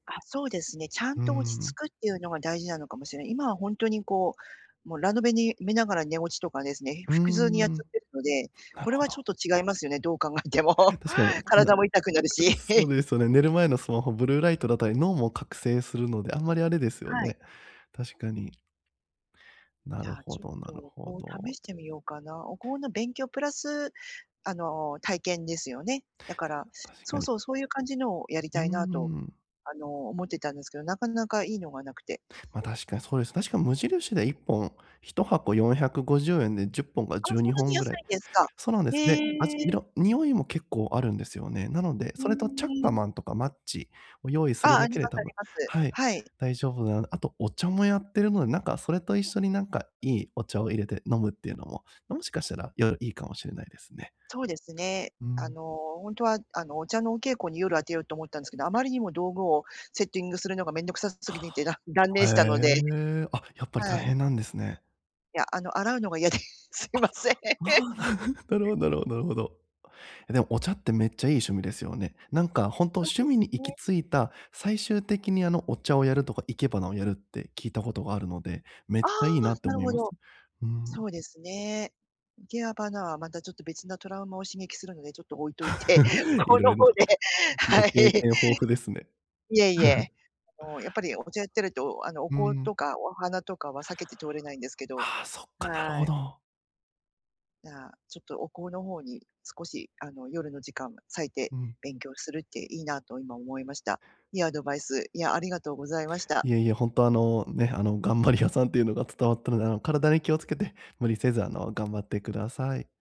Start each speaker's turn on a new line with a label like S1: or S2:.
S1: あ、そうですね、ちゃん
S2: うー
S1: と落ち着
S2: ん。
S1: くっていうのが大事なのかもしれ今はほんとにこう、もうラノベに見ながら寝落ちとかですね、
S2: うー
S1: ふくずうにやっ
S2: ん。
S1: ちゃってるので、
S2: なる
S1: これ
S2: ほ
S1: はちょ
S2: ど。
S1: っと違いますよね、どう考えても。
S2: 確かに、な
S1: 体も痛くなるし。
S2: そ うですよね、寝る前のスマホブルーライトだったり、脳も覚醒するので、あんまりあれですよ
S1: はい。
S2: ね、確かに。な
S1: じ
S2: る
S1: ゃあ、
S2: ほ
S1: ちょっ
S2: どなる
S1: と
S2: ほ
S1: お香試
S2: ど。
S1: してみようかな、お香の勉強プラスあの、体験ですよね。だから
S2: [unintelligible] 確か
S1: そう
S2: に。
S1: そう、そういう感じのをやり
S2: うー
S1: たいなと、
S2: ん。
S1: あの、思ってたんですけど、なかなかいいのが無くて。
S2: まあ、確かにそうです。確かに無印で1本、1箱450円で10本から
S1: あ、
S2: 12
S1: そんなに
S2: 本ぐ
S1: 安
S2: らい。
S1: いんですか。
S2: そうなんです。
S1: へ
S2: で、味、
S1: え。
S2: 色、匂いも結構あるんですよね。なので、
S1: へ
S2: それとチャッカ
S1: え。
S2: マンとかマッチを用意す
S1: あ
S2: る
S1: あ、あ
S2: だ
S1: り
S2: けで
S1: ます
S2: 多
S1: あ
S2: 分
S1: ります。
S2: はい、
S1: はい。
S2: 大丈夫なあとお茶もやってるので、なんかそれと一緒になんか良いお茶を入れて飲むっていうのも、もしかしたら良いかもしれないですね。
S1: そうですね、
S2: う
S1: あ
S2: ん。
S1: の、ほんとはあの、お茶のお稽古に夜当てようと思ったんですけど、あまりにも道具をセッティングするのがめんどくさす
S2: は
S1: ぎて、だ断
S2: あ。
S1: 念
S2: へ
S1: したので
S2: え。あ、やっぱり大
S1: はい。
S2: 変なんですね。
S1: いや、あの洗うのが嫌で。すい
S2: あ、
S1: ません。
S2: ああ、なるほどなるほどなるほど。えでも、お茶ってめっちゃいい趣味ですよね。なんかほんと
S1: そう
S2: 趣
S1: で
S2: 味
S1: す
S2: に行き
S1: ね。
S2: 着いた、最終的にあの、お茶をやるとか、生け花をやるって聞いたことがあるので、めっ
S1: ああ、
S2: ちゃいいなって
S1: なる
S2: 思い
S1: ほ
S2: ます。
S1: ど。
S2: うん。
S1: そうですね。生け花はまたちょっと別なトラウマを刺激するのでちょっと置いといて、
S2: い
S1: こ
S2: ろ
S1: の
S2: い
S1: 方
S2: ろ、
S1: で、
S2: ご
S1: はい。
S2: 経験豊富ですね。
S1: いえいえ。あの、やっぱりお茶やってるとあのお
S2: う
S1: 香
S2: ん。
S1: とかお花とかは避けて通れないんですけど
S2: ああ、そっか、なる
S1: は
S2: ほ
S1: い。
S2: ど。
S1: じゃあ、ちょっとお香の方に少しあの、夜の時間を割いて
S2: うん。
S1: 勉強するっていいなと今思いました。いいアドバイス、いや、ありがとうございました。
S2: いえいえ、ほんとあの、ね、あの頑張り屋さんっていうのが伝わったので、あの体に気をつけて無理せずあの、頑張ってください。